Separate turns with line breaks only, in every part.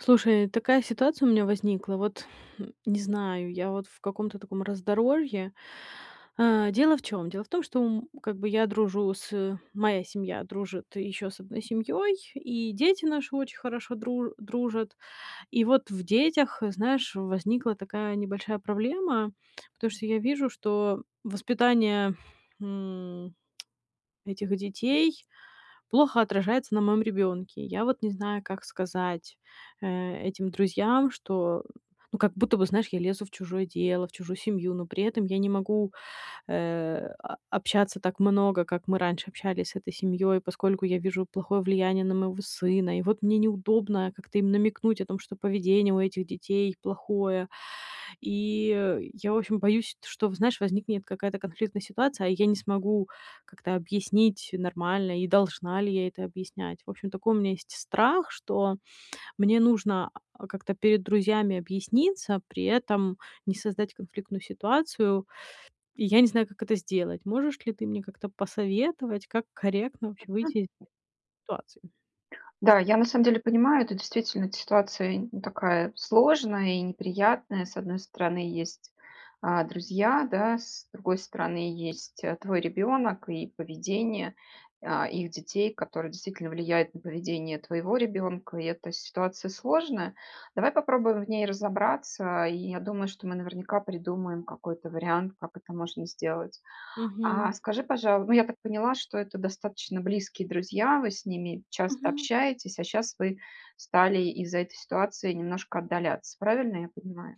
Слушай, такая ситуация у меня возникла: вот не знаю, я вот в каком-то таком раздоровье. Э, дело в чём? Дело в том, что, м, как бы я дружу с моя семья дружит еще с одной семьей, и дети наши очень хорошо дру дружат. И вот в детях, знаешь, возникла такая небольшая проблема, потому что я вижу, что воспитание, м, этих детей плохо отражается на моём ребёнке. Я вот не знаю, как сказать, э, этим друзьям, что, ну, как будто бы, знаешь, я лезу в чужое дело, в чужую семью, но при этом я не могу, э, о общаться так много, как мы раньше общались с этой семьёй, поскольку я вижу плохое влияние на моего сына, и вот мне неудобно как-то им намекнуть о том, что поведение у этих детей плохое. И я, в общем, боюсь, что, знаешь, возникнет какая-то конфликтная ситуация, а я не смогу как-то объяснить нормально, и должна ли я это объяснять. В общем, такой у меня есть страх, что мне нужно, э, как-то перед друзьями объясниться, при этом не создать конфликтную ситуацию, и я не знаю, как это сделать. Можешь ли ты мне как-то посоветовать, как корректно вообще выйти из [unintelligible] ситуации?
Да, я на самом деле понимаю, это действительно т ситуация такая сложная и неприятная: с одной стороны, есть, а, друзья, да, с другой стороны, есть твой ребенок и поведение, а, их детей, которое действительно влияет на поведение твоего ребенка, и эта ситуация сложная. Давай попробуем в ней разобраться, и я думаю, что мы наверняка придумаем какой-то вариант, как это можно сделать. А,
Мгм.
скажи, пожалу Ну, я так поняла, что это достаточно близкие друзья, вы с ними часто
Мгм.
общаетесь, а щас вы стали из-за этой ситуации немножко отдаляться, правильно я понимаю?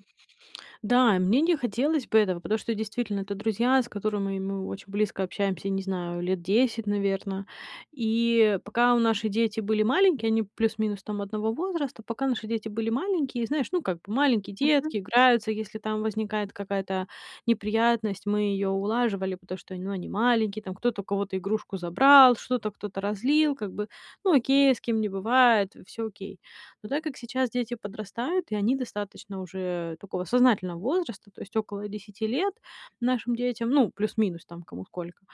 Да, мне не хотелось бы этого, потому что, действительно, это друзья, с которыми мы очень близко общаемся, не знаю, лет 10, наверно. И пока наши дети были маленькие- они плюс-минус там одного возраста- пока наши дети были маленькие, знаешь, ну, как бы маленькие детки
Мгм.
играются, если там возникает какая-то неприятность, мы ее улаживали, потому что, ну, они маленькие там. Кто-то у кого-то игрушку забрал, что-то кто-то разлил как бы. Ну окей, с кем не бывает, всё окей. Но так как сейчас дети подрастают и они достаточно уже такого сознательного возраста, то есть около 10 лет нашим детям, ну, плюс-минус там, кому сколько,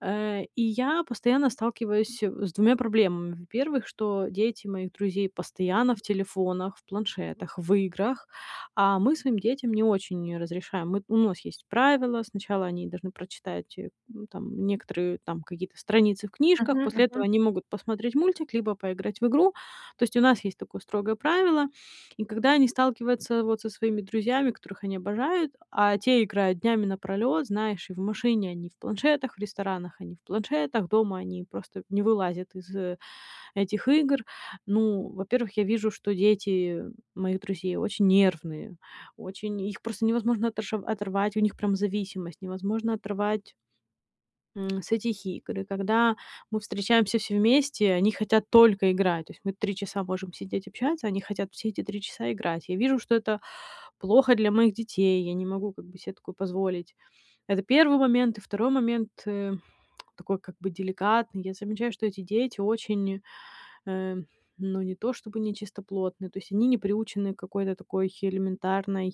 э, и я постоянно сталкиваюсь с двумя проблемами: во-первых, что дети моих друзей постоянно в телефонах, в планшетах, в играх, а мы своим детям не очень разрешаем. Мы ну, у нас есть правило: сначала они должны прочитать, э, ну, там некоторые там какие-то страницы в книжках,
Мгм,
после этого
мгм.
они могут посмотреть мультик либо поиграть в игру, то есть у нас есть такое строгое правило. И когда они сталкиваются вот со своими друзьями, которых они обожают, а те играют днями напролёт, знаешь, и в машине они в планшетах, в ресторанах они в планшетах, дома они просто не вылазят из этих игр. Ну, во-первых, я вижу, что дети моих друзей очень нервные, очень их просто невозможно отош оторвать, у них прям зависимость, невозможно оторвать м, с этих игр. И когда мы встречаемся все вместе, они хотят только играть, то есть мы три часа можем сидеть общаться, они хотят все эти три часа играть. Я вижу, что это плохо для моих детей, я не могу как бы се такое позволить- это первый момент. И второй момент, э, такой как бы деликатный: я замечаю, что эти дети очень, э, ну, не то чтобы нечистоплотны, то есть они не приучены к какой-то такой элементарной,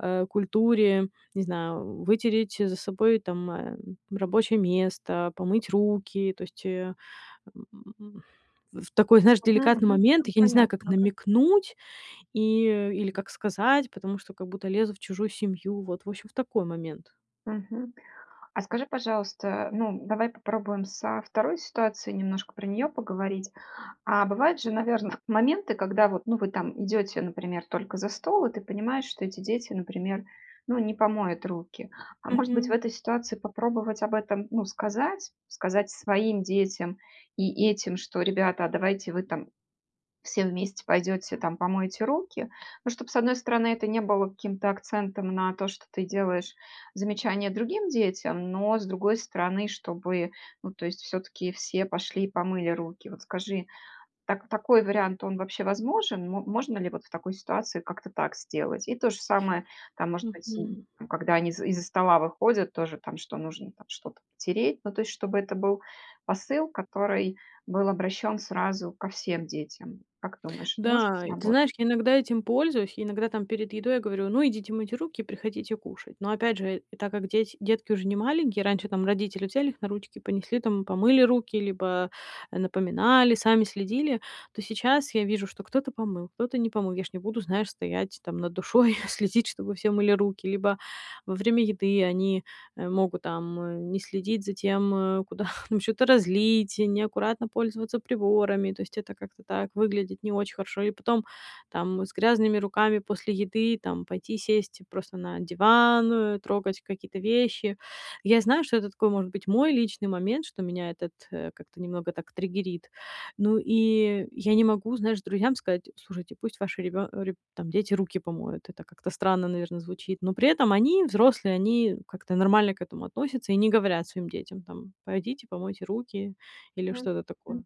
э, культуре: не знаю, вытереть за собой там, э, рабочее место, помыть руки, то есть, э, м, в такой, знаешь,
[unintelligible] Мгм,
деликатный
мгм.
момент.
Ну,
Я не знаю, как
понятно, да.
намекнуть и или как сказать, потому что как будто лезу в чужую семью. Вот, в общем, в такой момент.
Мгм. А скажи, пожалуйста, ну, давай попробуем со второй ситуацией, немножко про нее поговорить. А бывают же, наверно, моменты, когда вот, ну, вы там идете, например, только за стол и ты понимаешь, что эти дети, например, ну, не помоют руки. А может быть, в
Мгм.
этой ситуации попробовать об этом, ну, сказать? Сказать своим детям и этим, что- ребята, а давайте вы там все вместе пойдете, там помоете руки. Ну, чтоб, с одной стороны, это не было каким-то акцентом на то, что ты делаешь замечание другим детям, но с другой стороны, чтобы, ну, то есть всё-таки все пошли помыли руки. Вот скажи, так такой вариант, он вообще возможен? Мо можно ли вот в такой ситуации как-то так сделать? И то же самое там, может быть,
Мгм.
когда они из из-за стола выходят тоже там, что нужно там что-то потереть, ну, то есть чтобы это был посыл, который был обращен сразу ко всем детям. Как думаешь, это может
Да, ты
сработать?
знаешь, я иногда этим пользуюсь, я иногда там перед едой говорю: "Ну, идите мыть руки и приходите кушать". Но, опять же, так как дети детки уже не маленькие, раньше там родители- взяли их на ручки, понесли там, помыли руки либо напоминали, сами следили, то сейчас я вижу, что кто-то помыл, кто-то не помыл. Я ж не буду, знаешь, стоять там над душой, следить, чтобы все мыли руки. Либо во время еды они, э, могут там не следить за тем, куда там чё-то разлить, неаккуратно пользоваться приборами. То есть это как-то так выглядит не очень хорошо. И потом там с грязными руками после еды там пойти сесть просто на диван, трогать какие-то вещи. Я знаю, что это такой, может быть, мой личный момент, что меня этот, э, как-то немного так триггерит. Ну, и я не могу, знаешь, друзьям сказать: "Слушайте, пусть ваши ребё реб там, дети руки помоют". Это как-то странно, наверно, звучит. Но при этом они, взрослые, они как-то нормально к этому относятся и не говорят своим детям там: "Пойдите, помойте руки". Или что-то
Мгм.
такое.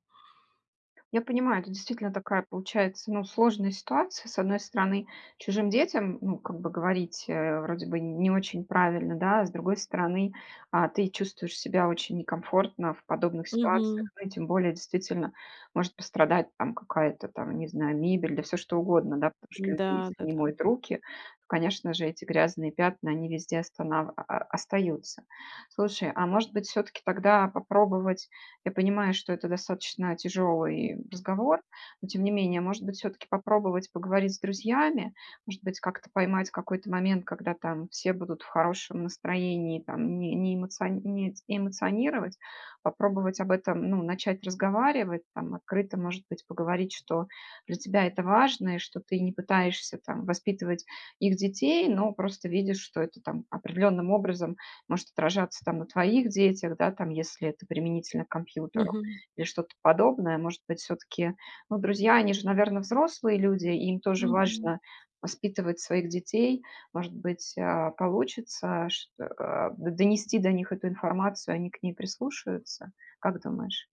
Я понимаю, это действительно такая, получается, ну, сложная ситуация: с одной стороны, чужим детям, ну, как бы говорить, э, вроде бы не очень правильно, да, а с другой стороны, а, ты чувствуешь себя очень некомфортно в подобных ситуациях,
Мгм.
ну, и тем более, действительно, может пострадать, там, какая-то там, не знаю, мебель, да всё что угодно, да. Потому что люди
Да,
если не
да-да.
моют руки, конечно же, эти грязные пятна, они везде останав остаются. Слушай, а может быть, всё-таки тогда попробовать я понимаю, что это достаточно тяжелый разговор, но тем не менее, может быть, всё-таки попробовать поговорить с друзьями? Может быть, как-то поймать какой-то момент, когда там все будут в хорошем настроении там, не не эмоциони эмоционировать, попробовать об этом, ну, начать разговаривать? Там, открыто, может быть, поговорить, что для тебя это важно и что ты не пытаешься там воспитывать их детей, но просто видишь, что это там определенным образом может отражаться там на твоих детях, да, там, если это применительно к компьютеру,
Мгм.
или что-то подобное? Может быть, всё-таки, ну, друзья они же, наверно, взрослые люди, им тоже
Мгм.
важно воспитывать своих детей? Может быть, э, получится ш э, э, донести до них эту информацию, они к ней прислушаются, как думаешь?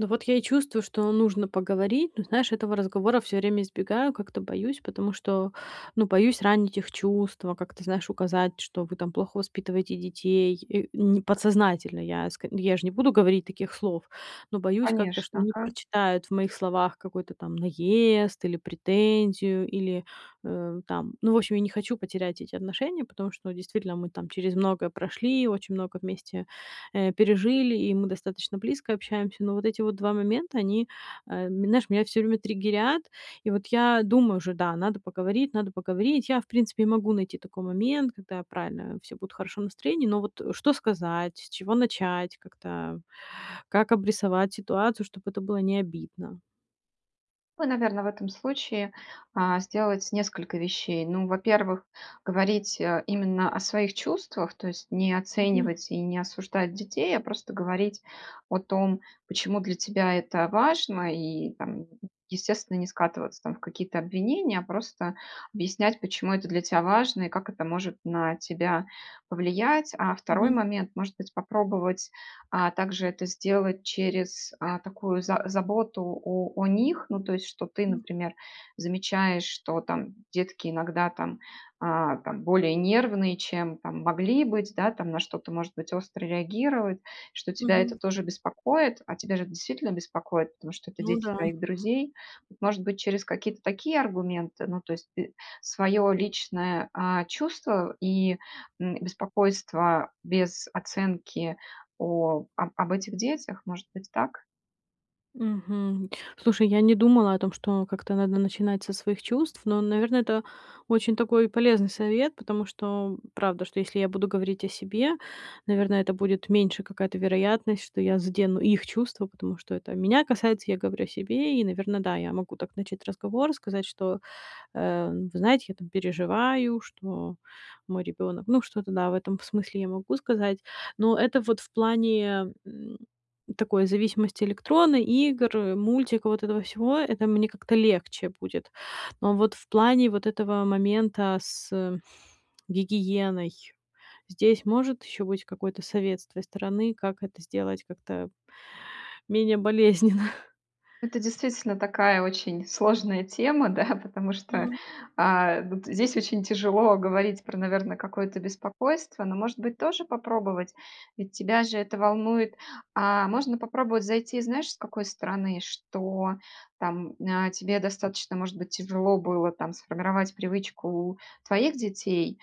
Ну, вот я и чувствую, что нужно поговорить. Но знаешь, этого разговора всё время избегаю, как-то боюсь, потому что, ну, боюсь ранить их чувства, как-то, знаешь, указать, что вы там плохо воспитываете детей, э, м. Подсознательно, я ск я ж не буду говорить таких слов. Но боюсь как-то, что
Конечно.
они
Ага.
прочитают в моих словах какой-то там наезд или претензию, или, э, там, ну, в общем, я не хочу потерять эти отношения, потому что, ну, действительно мы там через многое прошли, очень много вместе, э, пережили и мы достаточно близко общаемся. Но вот эти вот два момента- они, э, знаешь, меня всё время триггерят. И вот я думаю уже, да, надо поговорить, надо поговорить. Я, в принципе, могу найти такой момент, когда, правильно, все будут в хорошем настроении, но вот что сказать, с чего начать, как-то как обрисовать ситуацию, чтоб это было не обидно?
Вы, наверно, в этом случае, э, сделать несколько вещей. Ну, во-первых, говорить, э, именно о своих чувствах, то есть не
Мгм.
оценивать и не осуждать детей, а просто говорить о том, почему для тебя это важно, и там, естественно, не скатываться там в какие-то обвинения, а просто объяснять, почему это для тя важно и как это может на тебя повлиять. А второй
Мгм.
момент: может быть, попробовать, а, также это сделать через, а, такую за заботу о о них, ну, то есть что ты,
Хм.
например, замечаешь, что там детки иногда там, а, там более нервные, чем там могли быть, да, там на что-то может быть остро реагируют, что тебя это
Мгм.
тоже беспокоит, а тебя ж это действительно беспокоит, потому что это
Ну
дети
да.
твоих друзей. Вот может быть, через какие-то такие аргументы, ну, то есть т свое личное, а, чувство и, м, беспокойство без оценки о об об этих детях. Может быть, так?
Мгм. Слушай, я не думала о том, что как-то надо начинать со своих чувств, но, наверно, это очень такой полезный совет, потому что, правда, что, если я буду говорить о себе, наверно, это будет меньше какая-то вероятность, что я задену их чувства. Потому что это меня касается, я говорю о себе. И, наверно, да, я могу так начать разговор, сказать, что, э, вы знаете, я там переживаю, что мой ребенок ну, что-то, да, в этом смысле я могу сказать. Но это вот в плане, м, такой зависимости электронной, игр, мультика, вот этого всего- это мне как-то легче будет. Но вот в плане вот этого момента с гигиеной- здесь может еще быть какой-то совет с твоей стороны, как это сделать как-то менее болезненно?
Это действительно такая очень сложная тема, да, потому что,
М.
а, вот здесь очень тяжело говорить про, наверно, какое-то беспокойство, но, может быть, тоже попробовать, ведь тебя же это волнует. А можно попробовать зайти, знаешь, с какой стороны? Что там, э, тебе достаточно, может быть, тяжело было там сформировать привычку у твоих детей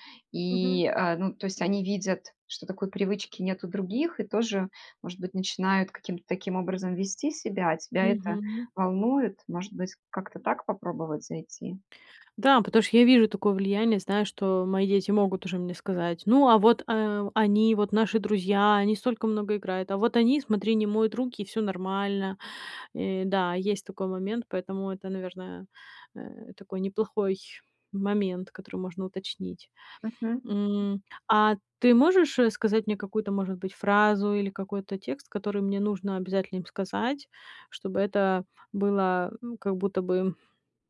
Мгм.
и, э, ну, то есть они видят, что такой привычки нет у других, и тоже, может быть, начинают каким-то таким образом вести себя, а тебя это
Мгм.
волнует. Может быть, как-то так попробовать зайти?
Да, потому что я вижу такое влияние, знаю, что мои дети могут уже мне сказать: "Ну, а вот, э, они вот, наши друзья, они столько много играют, а вот они, смотри, не моют руки- и всё нормально". Э, да, есть такой момент, поэтому это, наверное, э, такой неплохой момент, который можно уточнить.
Мгм, мгм.
М, а ты можешь, э, сказать мне какую-то, может быть, фразу или какой-то текст, который мне нужно обязательно им сказать, чтобы это было, э, как будто бы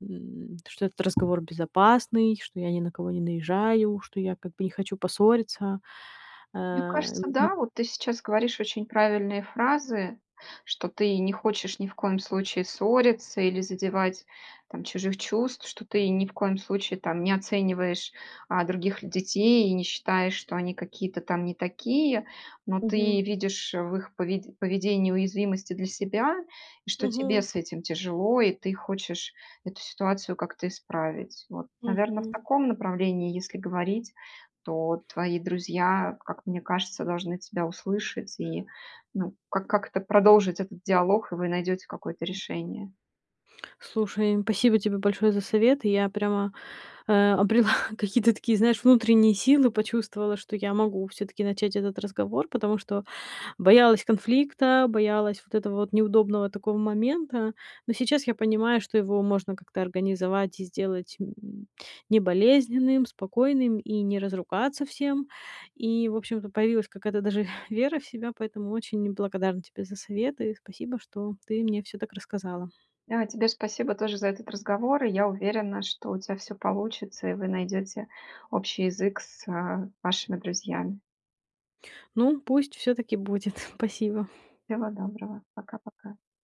м, что этот разговор безопасный, что я ни на кого не наезжаю, что я как бы не хочу поссориться?
Мне
Э.
кажется, да. Вот ты сейчас говоришь очень правильные фразы, что ты не хочешь ни в коем случае ссориться или задевать там чужих чувств, что ты ни в коем случае там не оцениваешь, а, других детей и не считаешь, что они какие-то там не такие, но
Мгм.
ты видишь в их пове поведении уязвимость и для себя, и что тебе
Мгм.
с этим тяжело и ты хочешь эту ситуацию как-то исправить. Вот, наверно, в
Мгм.
таком направлении если говорить, то твои друзья, как мне кажется, должны тебя услышать и, ну, как как-то продолжить этот диалог, и вы найдете какое-то решение.
Слушай, спасибо тебе большое за совет. Я прямо, э, обрела какие-то такие, знаешь, внутренние силы, почувствовала, что я могу всё-таки начать этот разговор. Потому что боялась конфликта, боялась вот этого вот неудобного такого момента, но сейчас я понимаю, что его можно как-то организовать и сделать, м, не болезненным, спокойным и не разругаться всем. И в общем-то появилась какая-то даже вера в себя. Поэтому очень благодарна тебе за советы, спасибо, что ты мне всё так рассказала.
Да, тебе спасибо тоже за этот разговор, и я уверена, что у тя всё получится и вы найдете общий язык с, э, вашими друзьями.
Ну, пусть всё так и будет. Спасибо.
Всего доброго! Пока-пока!